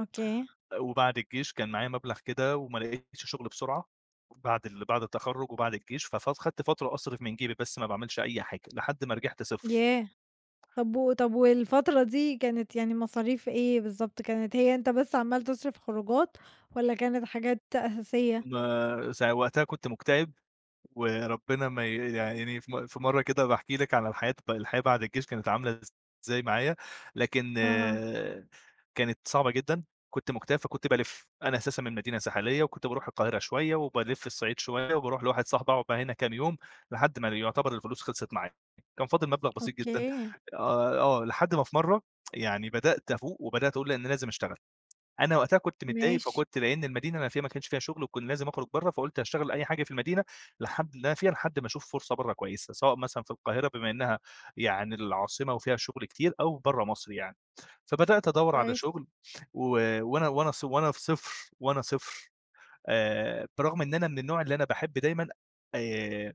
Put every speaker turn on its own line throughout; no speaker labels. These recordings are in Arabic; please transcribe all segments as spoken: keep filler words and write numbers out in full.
أوكي.
أ وبعد الجيش كان معايا مبلغ كده وما لقيتش شُغل بسرعة بعد ال بعد التخرّج وبعد الجيش، ف فاد خَدت فترة أصرف من جيبي بس ما باعملش أي حاجة، لحد ما رجِحت صفر.
ياه! طَب و طَب والفترة دي كانت يعني مصاريف إيه بالضبط، كانت هي أنت بس عمّال تصرف خروجات والّا كانت حاجات أساسية؟
ما سا وقتها كنت مُكتئب، وربنا ما ي يا عيني في م في مرّة كده هابقى احكي لِك على الحياة الحياة بعد الجيش كانت عاملة إزاي معايا، لكن
أها.
كانت صعبة جدًا كنت مُكتئب فكنت بالِف، أنا أساسًا من مدينة ساحلية وكنت باروح القاهرة شوية، وبالِف الصعيد شوية، وباروح لواحد صحبي اقعد بقى هنا كام يوم لحد ما ل يُعتبر الفلوس خلصت معايا، كان فاضل مبلغ بسيط جدًا
أوكي.
آه ي آه لحد ما في مرّة يعني بدأت افوق وبدأت اقول لا أنا لازم اشتغل. أنا وقتها كنت متضايق
ماشي.
فكنت لإن المدينة اللي أنا فيها ما كانش فيها شُغل وكنت لازم اخرج برّه، فقُلت هاشتغل أي حاجة في المدينة لحد اللي أنا فيها لحد ما اشوف فرصة برّه كويسة، سواء مثلًا في القاهرة بما إنّها يعني العاصمة وفيها شُغل كتير، أو برّه مصر يعني، فبدأت ادوّر على
كويس.
شُغل، و وأنا وأنا ص وأنا في صفر وأنا صفر آآ برغم إن أنا من النوع اللي أنا باحب دايمًا آآ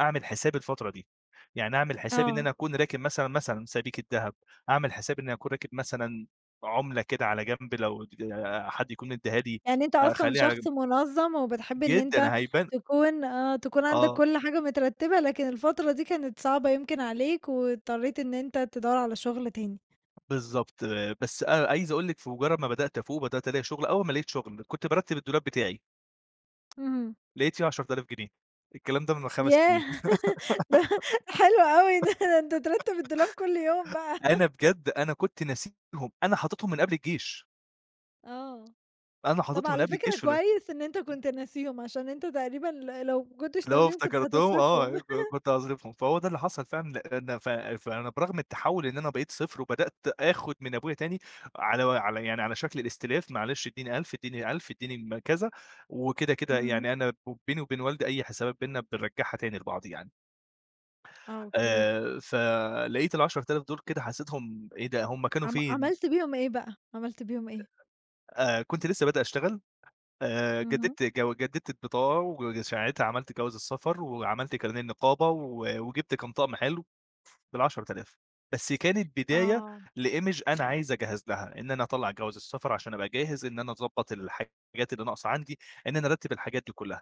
اعمل حساب الفترة دي، يعني اعمل حسابي إن
آه.
أنا اكون راكن مثلًا، مثلًا سبيكة دهب، اعمل حساب إنّي أكون راكن مثلًا عُملة كده على جنب لو اتج حد يكون مدّيها لي
يعني أنت أصلًا
أخلّيها على
شخص
جنب.
مُنظّم وبتحب إن أنت
جدًا هيبان
تكون آه تكون عندك
آه.
كل حاجة مترتبة لكن الفترة دي كانت صعبة يمكن عليك واضطريت إن أنت تدوّر على شُغل تاني.
بالضبط بس أ عايز اقول لِك في مجرّد ما بدأت افوق وبدأت الاقي شُغل، أول ما لقيت شُغل كنت بارتّب الدولاب بتاعي.
اهم.
لقيت فيه عَشَرة ألاف جنيه الكلام ده من خَمَس سنين
ياه! ده ده حلو أوي ده، ده أنت ترتّب الدولاب كل يوم بقى.
أنا بجد أنا كنت ناسيهم أنا حاططهم من قبل الجيش.
آه.
أنا
طَب
حاططهم من
على
قبل
فكرة
الجيش في ال
كويس إن أنت كنت ناسيهم عشان أنت تقريبًا ل لو ما كنتش
اللي هو
ناسيهم كنت
افتكرتهم
هتصرفهم.
آه ك كنت هاصرفهم فهو ده اللي حصل فعلًا لإن ف فأنا برغم التَحوّل إن أنا بقيت صفر وبدأت اخُد من أبويا تاني على وعلى يعني على شكل الإستلاف معلش ادّيني ألْف ادّيني ألْف اديني م كذا، وكده كده
اهم.
يعني أنا بو بيني وبين والدي أي حسابات بيننا بنرجّعها تاني لبعض يعني.
آه، أوكي.
آآ فلقيت العَشَرة آلاف دُول كده حسّيتهم إيه ده هُم كانوا
عم
فين؟
عملت بيهم إيه بقى، عملت بيهم إيه؟
آآ كنت لسه بادئ اشتغل، آآ
اهم.
جددت جو جددت البطاقة وج ساعتها عملت جواز السفر وعملت كارنيه النقابة و وجِبت كام طقم حلو بالعَشَرة آلاف بس كانت بداية
آه.
لimage أنا عايز اجهز لها، إن أنا أطلّع جواز السفر عشان أبقى جاهز إن أنا أضبّط الحاجات اللي ناقصة عندي، إن أنا أرتّب الحاجات دي كلّها.